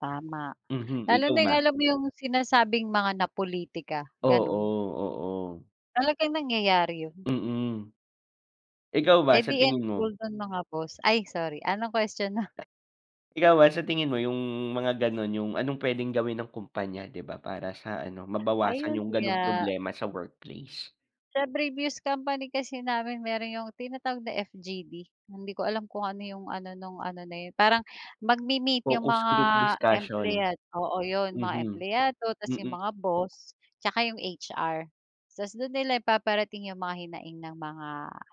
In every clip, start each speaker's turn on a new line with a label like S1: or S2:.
S1: Tama,
S2: Mhm,
S1: lalo
S2: ikaw
S1: na 'yong
S2: ba?
S1: alam mo 'yong sinasabing mga napolitika, gano'n.
S2: Oo, oo.
S1: Talagang nangyayari 'yon.
S2: Mm. Ikaw
S1: Eh,
S2: ba, sa
S1: 'di
S2: tingin mo?
S1: involved do'n mga boss, ay, sorry. Anong question mo?
S2: Ikaw ba sa tingin mo 'yong mga gano'n, 'yong anong puwedeng gawin ng kumpanya, 'di ba, para sa, ano, mabawasan
S1: Ayun
S2: 'yong gano'ng
S1: nga.
S2: problema sa workplace?
S1: Sa previous company kasi namin mayro'n 'yong tinatawag na FGD. Hindi ko alam kung ano 'yong ano, no'ng ano na yun, parang magmi-meet yung
S2: Focus
S1: mga
S2: group discussion.
S1: empleyad oo, 'yon, mga
S2: Mhm,
S1: empleyado 'tas yung
S2: mm.
S1: mga boss, 'tsaka 'yong HR. 'Tas do'n nila ipaparating 'yong mga hinaing ng mga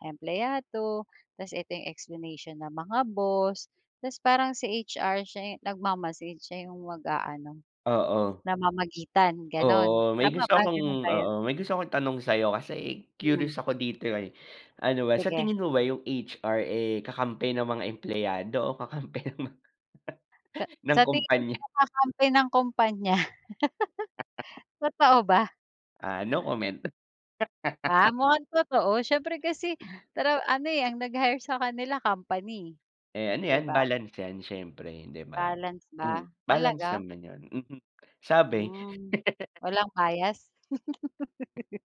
S1: empleyado. 'Tas ito 'yong explanation ng mga boss. 'Tas parang si HR siya 'yong nagmamasid siya yung mag-aano,
S2: Oo.
S1: namamagitan, gano'n.
S2: Oo, may
S1: Tama
S2: gusto
S1: ba?
S2: akong
S1: Gano'n ba yun?
S2: oo, may gusto akong itanong sa 'yo kasi
S1: Hmm.
S2: curious ako dito, eh. Ano ba, sa
S1: Sige.
S2: tingin mo ba 'yong HR, eh, kakampi ng mga empleyado o kakampi ng mga
S1: Ka
S2: ng
S1: sa tingin
S2: kompanya?
S1: mo kakampi ng kompanya. Totoo ba?
S2: Ah, no comment.
S1: Ah, mukhang totoo siyempre kasi pero, ano, eh, ang nag-hire sa kanila company,
S2: Eh, ano
S1: 'di
S2: 'yan,
S1: ba?
S2: balance 'yan siyempre, 'di ba?
S1: Balance
S2: Hmm,
S1: ba?
S2: balance
S1: Talaga?
S2: naman 'yon, mhm. Sabi.
S1: Hmm, walang bias?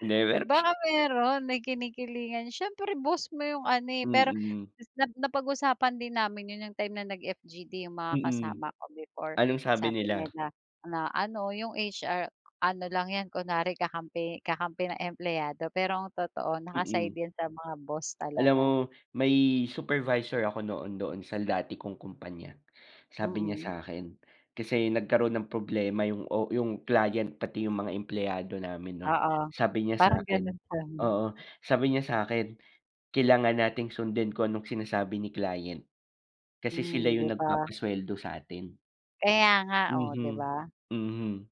S2: 'Di, pero mas
S1: Baka mayro'n, may kinikilingan, siyempre boss mo 'yong ano, eh. Pero
S2: Mm.
S1: is na napag-usapan din namin 'yon, 'yong time na nag-FGD 'yong mga
S2: Mm,
S1: kasama ko before.
S2: anong sabi
S1: Sabi
S2: nila?
S1: nila na, ano, yung HR, ano lang 'yan, kunwari kakampi kakampi ng empleyado. Pero ang totoo naka-side
S2: Mm.
S1: 'yan sa mga boss
S2: Alam mo
S1: talaga.
S2: may supervisor ako noon doon sa dati kong kumpanya. Sabi niya sa
S1: Mm.
S2: akin kasi nagkaroon ng problema 'yong o 'yong client pati 'yong mga empleyado namin no'n.
S1: Oo,
S2: Sabi niya sa
S1: parang
S2: akin
S1: gano'n sa 'min.
S2: oo, sabi niya sa akin kailangan natin sundin kung anong sinasabi ni client. Kasi sila
S1: Hmm, 'di
S2: 'yong
S1: ba?
S2: nagpapasweldo sa atin.
S1: Kaya nga, oh, 'di
S2: Mhm,
S1: ba?
S2: mhm.